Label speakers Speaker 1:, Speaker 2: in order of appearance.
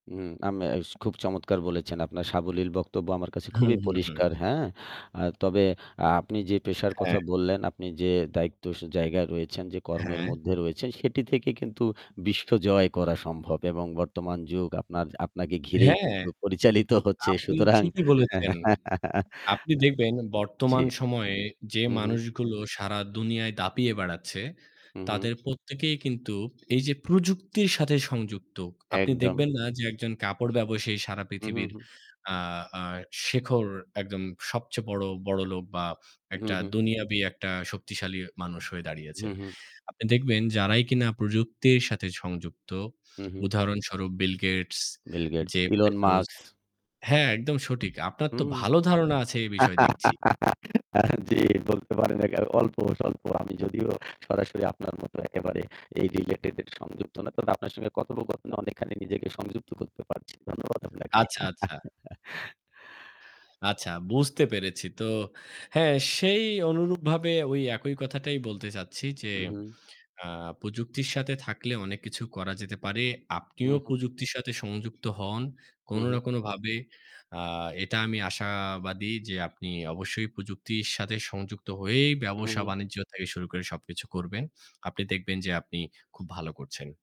Speaker 1: হুম, আমে ইস খুব চমৎকার বলেছেন। আপনার সাবলীল বক্তব্য আমার কাছে
Speaker 2: হু,
Speaker 1: খুবই
Speaker 2: হু, হুম।
Speaker 1: পরিষ্কার। হ্যাঁ? আ তবে আ আপনি যে পেশার
Speaker 2: হ্যাঁ।
Speaker 1: কথা বললেন, আপনি যে দায়িত্ব সে জায়গা রয়েছেন, যে কর্মের
Speaker 2: হ্যাঁ।
Speaker 1: মধ্যে রয়েছেন সেটি থেকে কিন্তু বিশ্বজয় করা সম্ভব এবং বর্তমান যুগ আপনার, আপনাকে ঘিরেই
Speaker 2: হ্যাঁ।
Speaker 1: কিন্তু পরিচালিত হচ্ছে।
Speaker 2: আপনি
Speaker 1: সুতরাং
Speaker 2: ঠিকই
Speaker 1: হ্যাঁ।
Speaker 2: বলেছেন।
Speaker 1: আ
Speaker 2: আপনি দেখবেন
Speaker 1: জি।
Speaker 2: বর্তমান সময়ে যে
Speaker 1: হুম, হুম।
Speaker 2: মানুষগুলো সারা দুনিয়ায় দাপিয়ে বেড়াচ্ছে
Speaker 1: হু, হুম।
Speaker 2: তাদের প্রত্যেকেই কিন্তু এইযে প্রযুক্তির সাথে সংযুক্ত। আপনি
Speaker 1: একদম।
Speaker 2: দেখবেন না যে একজন কাপড় ব্যবসায়ী সারা
Speaker 1: হুম, হুম,
Speaker 2: পৃথিবীর
Speaker 1: হুম।
Speaker 2: আ আ শেখর একদম সবচেয়ে বড় বড়লোক বা
Speaker 1: হু, হু,
Speaker 2: একটা
Speaker 1: হুম।
Speaker 2: দুনিয়াবী একটা শক্তিশালী মানুষ হয়ে দাঁড়িয়েছে।
Speaker 1: হু, হুম।
Speaker 2: আপনি দেখবেন যারাই কিনা প্রযুক্তির সাথে সংযুক্ত,
Speaker 1: হু, হুম।
Speaker 2: উদাহরণস্বরূপ Bill Gates,
Speaker 1: Bill Gates,
Speaker 2: Jeff
Speaker 1: Elon
Speaker 2: Bezos
Speaker 1: Musk.
Speaker 2: হ্যাঁ, একদম সঠিক। আপনার তো
Speaker 1: হুম।
Speaker 2: ভালো ধারণা আছে এ বিষয়ে দেখছি।
Speaker 1: জি, বলতে পারেন। আ অল্প স্বল্প আমি যদিও সরাসরি আপনার মতো একেবারে এই related এর সংযুক্ত না তবে আপনার সঙ্গে কথোপকথনে অনেকখানি নিজেকে সংযুক্ত করতে পারছি। ধন্যবাদ আপনাকে।
Speaker 2: আচ্ছা, আচ্ছা। আচ্ছা, বুঝতে পেরেছি। তো হ্যাঁ, সেই অনুরূপভাবে ওই একই কথাটাই বলতে চাচ্ছি যে
Speaker 1: উ হুম।
Speaker 2: আ প্রযুক্তির সাথে থাকলে অনেক কিছু করা যেতে পারে।
Speaker 1: হু,
Speaker 2: আপনিও
Speaker 1: হুম।
Speaker 2: প্রযুক্তির সাথে সংযুক্ত হন
Speaker 1: হুম,
Speaker 2: কোনো না
Speaker 1: হুম।
Speaker 2: কোনোভাবে। আ এটা আমি আশাবাদী যে আপনি অবশ্যই প্রযুক্তির সাথে সংযুক্ত হয়েই
Speaker 1: হুম, হুম।
Speaker 2: ব্যবসা-বাণিজ্য থেকে শুরু করে সবকিছু করবেন। আপনি দেখবেন যে আপনি খুব ভালো করছেন।